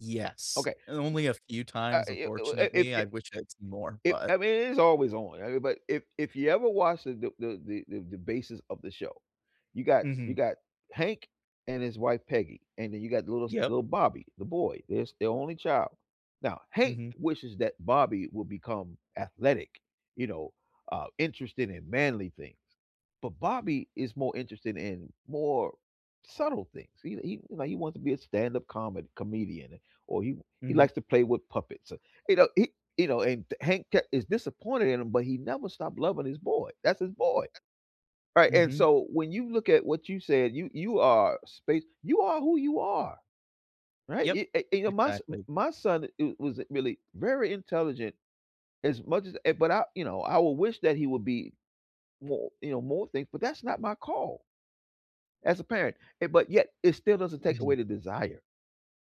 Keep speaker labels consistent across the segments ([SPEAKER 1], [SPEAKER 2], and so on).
[SPEAKER 1] Yes,
[SPEAKER 2] Okay
[SPEAKER 1] and only a few
[SPEAKER 2] uh uh,
[SPEAKER 1] times,
[SPEAKER 2] it it wi uh, it
[SPEAKER 1] unfortunately, I
[SPEAKER 2] it
[SPEAKER 1] wish I'd seen more,
[SPEAKER 2] it
[SPEAKER 1] but
[SPEAKER 2] I mean, it is always on, [unintelligible] but if if you ever watch the d the the the the basis of the show, you got you
[SPEAKER 1] Mhm.
[SPEAKER 2] got Hank and his wife, Peggy, and then you got the little s
[SPEAKER 1] Yep.
[SPEAKER 2] little Bobby, the boy. There's their only child. Now, Hank
[SPEAKER 1] Mhm.
[SPEAKER 2] wishes that Bobby will become athletic, you know, uh, interested in manly things, but Bobby is more interested in more subtle things, he li he, you know, he wants to be a stand up comedy comedian, or he w he
[SPEAKER 1] Mhm.
[SPEAKER 2] likes to play with puppets, uh you know, he you know, and th Hank ke is disappointed in him, but he never stopped loving his boy, that's his boy! Right,
[SPEAKER 1] Uh
[SPEAKER 2] and
[SPEAKER 1] mhm.
[SPEAKER 2] so, when you look at what you said, you you are space you are who you are. Right,
[SPEAKER 1] Yup.
[SPEAKER 2] you eh, and, you know, my s
[SPEAKER 1] Exactly.
[SPEAKER 2] my son is i wasn't really very intelligent as much as eh, but I, you know, I would wish that he would be mor you know, more things, but that's not my call as a parent, eh, but yet it still doesn't take away
[SPEAKER 1] Mhm.
[SPEAKER 2] the desire,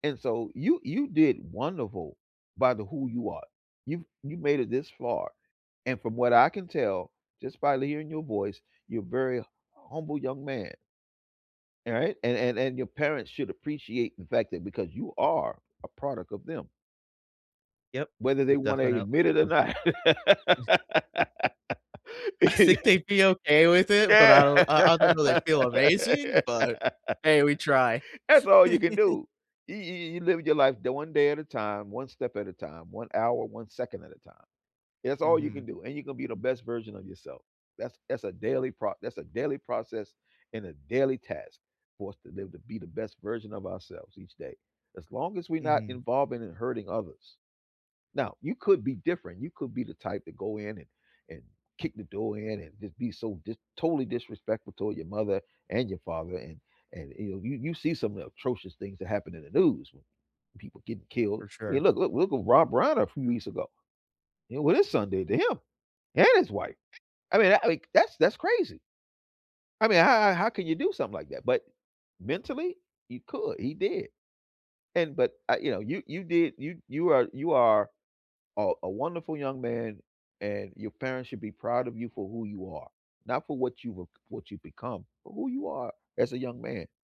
[SPEAKER 2] and so you you did wonderful by the who you are. You've you've made it this far, and from what I can tell, just by hearing your voice, you're very humble young man. Alright. And and and your parents should appreciate the fact that because you are a product of them
[SPEAKER 1] Yep.
[SPEAKER 2] whether they
[SPEAKER 1] Most
[SPEAKER 2] wanna
[SPEAKER 1] definitely
[SPEAKER 2] admit it or
[SPEAKER 1] am.
[SPEAKER 2] not.
[SPEAKER 1] It's I'd think they'd be okay with it, but I don't I I don't know if they'd
[SPEAKER 2] That's
[SPEAKER 1] feel amazing, but hey, we try.
[SPEAKER 2] all you can do. You you you you live your life d 1 day at a time, 1 step at a time, 1 hour, 1 second at a time. That's all you can
[SPEAKER 1] Mhm.
[SPEAKER 2] do, and you're gon' be the best version of yourself. That's that's a daily pro that's a daily process and a daily task for us to live to be the best version of ourselves each day, as long as we're not
[SPEAKER 1] Mhm.
[SPEAKER 2] involving and hurting others. Now, you could be different, you could be the type that go in and and kick the door in and just be so dis totally disrespectful toward your mother and your father, and and, you know, you you see some of the atrocious things that happen in the news w when people getting killed,
[SPEAKER 1] For
[SPEAKER 2] I mean,
[SPEAKER 1] sure.
[SPEAKER 2] look look look at Rob Brown a few weeks ago. You know, what his son did to him and his wife? I mean, I like, that's that's crazy! I mean, how how how can you do something like that? But mentally, he could, he did and but I, you know, you you did you you are you are, uh, a wonderful young man, and your parents should be proud of you for who you are, not for what you've ac what you've become, but who you are, as a young man.